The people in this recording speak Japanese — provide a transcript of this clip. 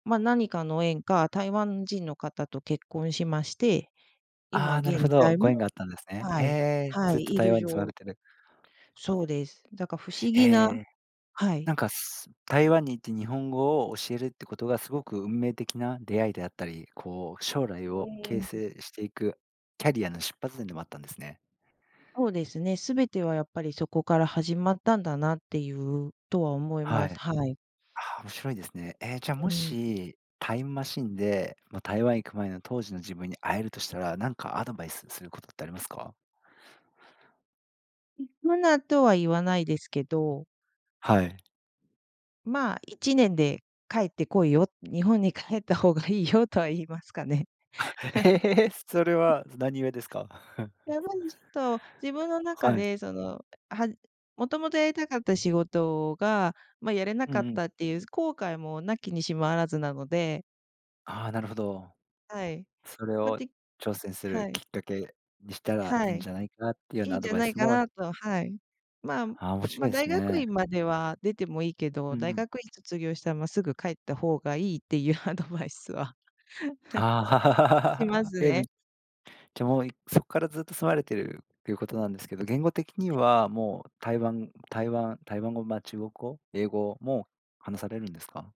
まあ、何かの縁か、台湾人の方と結婚しまして、今ああ、なるほ現ど、在ご縁もがあったんですね。はへい、え、はずっとい、い台る湾に住まわ状れてる。そうです。だから不思へ議なえ。はい。なんか、す台湾に行って日本語を教えるってことがすごく運命的な出会いであったり、こう、将来ごを形縁成していくキャリアの出発点でもあったんですね。そうですね、全てはやっぱりそこから始まったんだなっていう、とは思いはます。い。はい。ああ、面白いですね。ええ、じゃあうもん。し、タイムマシーンで、ま、台湾行く前の当時の自分に会えるとしたら、何かアドバイス [unintelligible] することってありますか？行くなとは言わないですけど。はい。まあ1年で帰って来いよ、日本に帰った方がいいよとは言いますかね。あ、ええ、それ は何故ですか？やばりちょっと、自分の中はい。で、その、はんもともとやりたかった仕事が、ま、やれなうかんっうん。たっていう後悔も無きにしもあらずなので。ああ、なるほど。はい。それま、をで挑戦するはきっい。かけにしたらいはいんい。じゃないかなっていうよういないんアじドゃバイないスかもなと、はい。まあああ、面ま白あいです大学ね。院までは出てもいいけうど、んう大ん。学院卒業したら、まあ、すぐ帰った方がいいっていうアドバイスは しまあ、すえ、めね。じゃもういそっからずっと住まれてるっていうことなんですけど、言語的にはい。はもう、台湾台湾台湾語、まあ中国語、英語も話されるんですか？